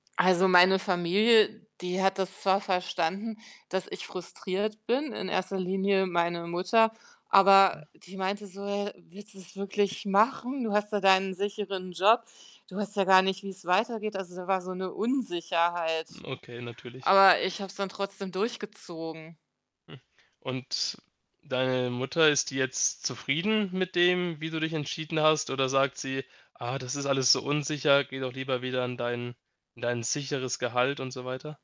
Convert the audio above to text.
Also, meine Familie, die hat das zwar verstanden, dass ich frustriert bin, in erster Linie meine Mutter, aber [unintelligible] die meinte so, äh: „Willst du 's wirklich machen? Du hast da deinen sicheren Job. Du weißt ja gar nicht, wie's weitergeht.“ Also, da war so 'ne Unsicherheit. Okay, natürlich. Aber ich habe es dann trotzdem durchgezogen. und deine Mutter, ist die jetzt zufrieden mit dem, wie du dich entschieden hast oder sagt sie: „Ah, das ist alles so unsicher, geh doch lieber wieder in dein in dein sicheres Gehalt“, und so weiter?